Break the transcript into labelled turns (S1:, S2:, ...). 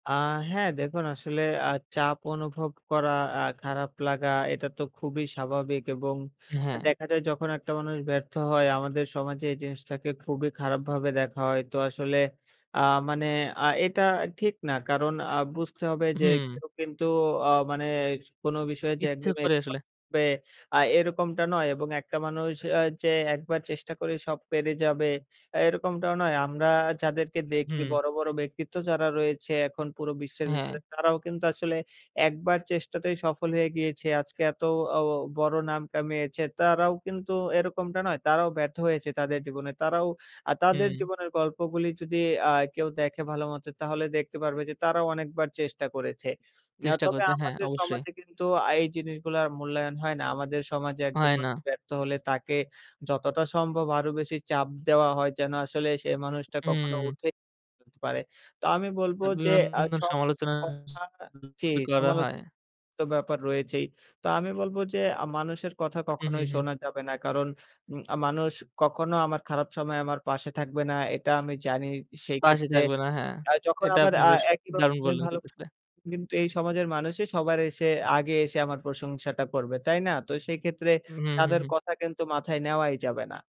S1: আহ হ্যাঁ, দেখুন আসলে অ্যা চাপ অনুভব করা অ্যা খারাপ লাগা এটা তো খুবই স্বাভাবিক এবং আ
S2: হ্যাঁ।
S1: দেখা যায় যখন একটা মানুষ ব্যর্থ হয় আমাদের সমাজে এই জিনিসটাকে খুবই খারাপভাবে দেখা হয়। তো আসলে অ্যা মানে অ্যা এটা ঠিক না কারণ অ্যা বুঝতে হবে যে,
S2: হুম।
S1: কেউ কিন্তু ও মানে কোনো বিষয়ে যে,
S2: ইচ্ছে
S1: একদম
S2: করে আসলে।
S1: এক্সপার্ট হবে আ এরকমটা নয় এবং একটা মানুষ আ যে, একবার চেষ্টা করে সব পেরে যাবে আ এরকমটাও নয়। আমরা যাদেরকে দেখি
S2: হুম।
S1: বড়, বড় ব্যক্তিত্ব যারা রয়েছে এখন পুরো বিশ্বের ভিতরে
S2: হ্যাঁ।
S1: তারাও কিন্তু আসলে ১ বার চেষ্টাতেই সফল হয়ে গিয়েছে। আজকে এত ও বড় নাম কামিয়েছে তারাও কিন্তু এরকমটা নয়। তারাও ব্যর্থ হয়েছে তাদের জীবনে। তারাও আ তাদের
S2: হুম।
S1: জীবনের গল্প গুলি যদি অ্যা কেউ দেখে ভালোমতো তাহলে দেখতে পারবে যে, তারাও অনেকবার চেষ্টা করেছে। এ
S2: চেষ্টা
S1: তবে
S2: করছে হ্যাঁ,
S1: আমাদের
S2: অবশ্যই।
S1: সমাজে কিন্তু আ এই জিনিসগুলার মূল্যায়ন হয় না। আমাদের সমাজে একজন
S2: হয় না।
S1: মানুষ ব্যর্থ হলে তাকে যতটা সম্ভব আরও বেশি চাপ দেওয়া হয় যেন আসলে সে মানুষটা কখনো
S2: হুম।
S1: উঠে [unintelligible] পারে। তো আমি বলবো যে,
S2: অভিমান,
S1: আ সব
S2: সমালোচনা
S1: [unintelligible] জী
S2: করা
S1: সমালোচ
S2: হয়।
S1: তো ব্যাপার রয়েছেই। তো আমি বলবো যে, আ মানুষের কথা
S2: হুম, হুম,
S1: কখনোই
S2: হুম।
S1: শোনা যাবে না। কারণ আ মানুষ কখনো আমার খারাপ সময়ে আমার পাশে থাকবে না। এটা আমি জানি
S2: পাশে
S1: সেক্ষেত্রে
S2: থাকবে না হ্যাঁ।
S1: আ যখন
S2: এটা
S1: আবার
S2: আপনি
S1: আ
S2: বেশ, দারুন
S1: একইভাবে
S2: বললেন।
S1: ভালো
S2: [unintelligible]
S1: কিন্তু এই সমাজের মানুষই সবার আগে এসে আমার প্রশংসাটা করবে। তাই না? তো সেই ক্ষেত্রে
S2: হুম, হুম, হু,
S1: তাদের
S2: হু।
S1: কথা কিন্তু মাথায় নেওয়াই যাবে না।